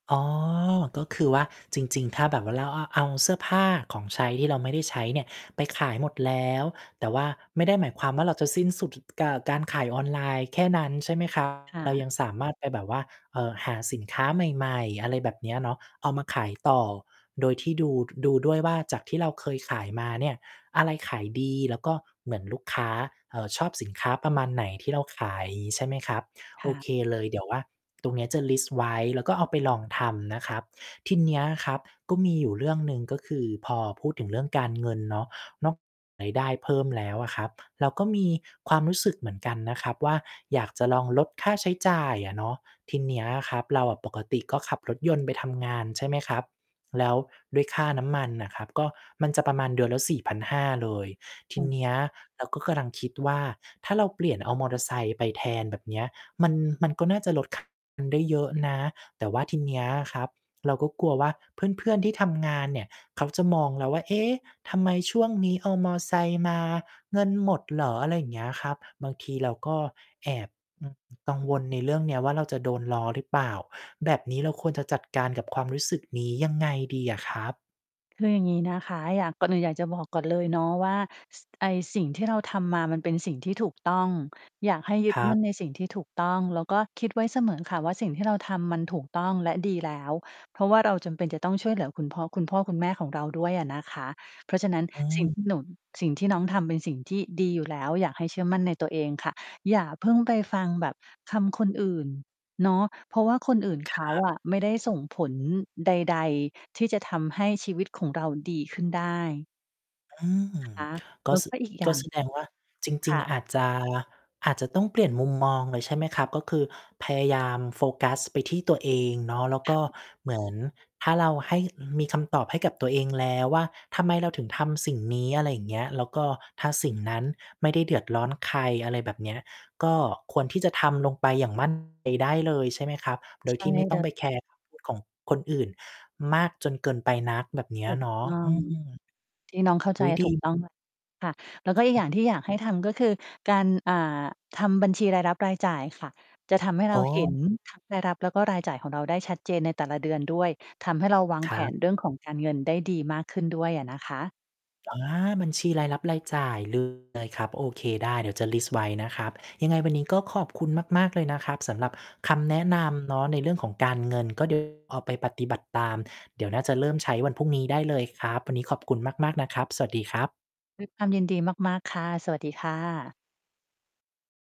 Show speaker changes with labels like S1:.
S1: อ๋อ ก็คือว่า จริง ๆ ถ้าแบบว่าเราอะเอาเสื้อผ้าของใช้ที่เราไม่ได้ใช้เนี่ยไปขายหมดแล้ว แต่ว่าไม่ได้หมายความว่า เราจะสิ้นสุด ถ เก่อ การขายออนไลน์แค่นั้น ใช่ไหม ครับ
S2: ค่
S1: เรา
S2: ะ
S1: ยังสามารถไปแบบว่า เอ่อ หาสินค้าใหม่ ๆ อะไรแบบเนี้ยเนาะเอามาขายต่อ โดยที่ดู ดูด้วยว่า จากที่เราเคยขายมาเนี่ย อะไรขายดี แล้วก็เหมือนลูกค้า เอ่อ ชอบสินค้าประมาณไหนที่เราขาย งี้ ใช่ไหมครับ
S2: ค
S1: โอ
S2: ่ะ
S1: เคเลย เดี๋ยวว่า ตรงเนี้ยจะลิสต์ไว้ แล้วก็เอาไปลองทำนะครับ ทีเนี้ยครับก็มีอยู่เรื่องหนึ่ง ก็คือพอพูดถึงเรื่องการเงินเนาะ นอก รายได้เพิ่มแล้วอะครับ เราก็มีความรู้สึกเหมือนกันนะครับว่า อยากจะลองลดค่าใช้จ่ายอะเนาะ ทีเนี้ยครับ เราอะปกติก็ขับรถยนต์ไปทำงาน ใช่ไหมครับ แล้วด้วยค่าน้ำมันน่ะครับก็มันจะประมาณเดือนละ 4,500 เลย ท
S2: อ
S1: ี
S2: ืม
S1: เนี้ยเราก็กำลังคิดว่า ถ้าเราเปลี่ยนเอามอเตอร์ไซค์ไปแทน แบบเนี้ย มัน มันก็น่าจะลด ค่าน้ำมัน ได้เยอะนะ แต่ว่าทีเนี้ยอะครับ เราก็กลัวว่าเพื่อน ๆ ที่ทำงานเนี่ยเขาจะมองเราว่า "เอ๊ะ ทำไมช่วงนี้เอามอไซค์มา เงินหมดเหรอ?" อะไรอย่างเงี้ยครับ บางทีเราก็แอบ กังวลในเรื่องเนี้ยว่า เราจะโดนล้อหรือเปล่า? แบบนี้เราควรจะจัดการกับความรู้สึกนี้ ยังไงดีอะครับ?
S2: คืออย่างงี้นะคะ อยาก ก่อนอื่นอยากจะบอกก่อนเลยเนาะว่า ส ไอ้สิ่งที่เราทำมามันเป็นสิ่งที่ถูกต้อง อยากให้ยึ
S1: ค
S2: ด
S1: ร
S2: ม
S1: ั
S2: ั
S1: บ
S2: ่นในสิ่งที่ถูกต้อง แล้วก็คิดไว้เสมอค่ะว่า สิ่งที่เราทำมันถูกต้องและดีแล้ว เพราะว่าเราจำเป็นจะต้องช่วยเหลือคุณพ่อ คุณพ่อคุณแม่ของเราด้วยอะนะคะ เพราะฉะนั้น
S1: อ
S2: สิ่ง
S1: ืม
S2: ที่ หนู น สิ่งที่น้องทำเป็นสิ่งที่ดีอยู่ แล้ว อยากให้เชื่อมั่นในตัวเองค่ะ อย่าเพิ่งไปฟังแบบคำคนอื่น เนาะ เพราะว่าคนอื่นเข
S1: ค
S2: า
S1: รับ
S2: อะไม่ได้ส่งผลใด ๆ ที่จะทำให้ชีวิตของเราดีขึ้นได้
S1: อืม
S2: คะ
S1: ก
S2: แล
S1: ็
S2: ้ว
S1: ส
S2: ก
S1: ึ
S2: ็อีกอย
S1: ก
S2: ่
S1: ็
S2: าง
S1: แสดงว่า จร
S2: ค
S1: ิง
S2: ่ะ
S1: ๆ อาจจะ อาจจะต้องเปลี่ยนมุมมองเลย ใช่ไหมครับ? ก็คือพยายาม โฟกัสไปที่ตัวเองเนาะ แล้ว
S2: ค
S1: ก
S2: ่
S1: ็
S2: ะ
S1: เหมือน ถ้าเราให้ อืม มีคำตอบให้กับตัวเองแล้วว่า ทำไมเราถึงทำสิ่งนี้? อะไรอย่างเงี้ย แล้วก็ถ้าสิ่งนั้นไม่ได้เดือดร้อนใคร อะไรแบบเนี้ย ก็ควรที่จะทำลงไปอย่าง มั่นใจ ได้เลยใช่ไหมครับ โด
S2: ใช
S1: ย
S2: ่
S1: ที่ไม่ต
S2: เ
S1: ้
S2: ล
S1: องไป
S2: ย
S1: แคร์ ของคนอื่นมากจนเกินไปนัก แบบเนี้ย
S2: ถูก
S1: เนาะ
S2: ต้อ
S1: อื
S2: ง
S1: ม
S2: ที่น้องเข้าใ
S1: อ
S2: จ
S1: ุ๊ย ด
S2: ถูก
S1: ี
S2: ต้อง แล้ว ค่ะ แล้วก็อีกอย่างที่อยากให้ทำก็คือการ อ่า ทำบัญชีรายรับ-รายจ่ายค่ะ จะทำให้
S1: โ
S2: เ
S1: อ
S2: ราเห็
S1: ้
S2: น ทั้ง รายรับแล้วก็รายจ่ายของเราได้ชัดเจนในแต่ละ เดือนด้วย ทำให้เราวาง
S1: ค
S2: แผ
S1: รับ
S2: นเรื่องของการเงินได้ดีมากขึ้นด้วยอะนะคะ
S1: อา บัญชีรายรับ-รายจ่าย เลยครับ โอเค ได้ เดี๋ยวจะลิสต์ไว้นะครับ ยังไงวันนี้ก็ขอบคุณมาก ๆ เลยนะครับสำหรับคำแนะนำเนาะ ในเรื่องของการเงิน ก็ เดี๋ยว เอาไปปฏิบัติตาม เดี๋ยวน่าจะเริ่มใช้วันพรุ่งนี้ได้เลยครับ วันนี้ขอบคุณมาก ๆ นะครับ สวัสดีครับ
S2: ด้วย ความยินดีมาก ๆ ค่ะ สวัสดีค่ะ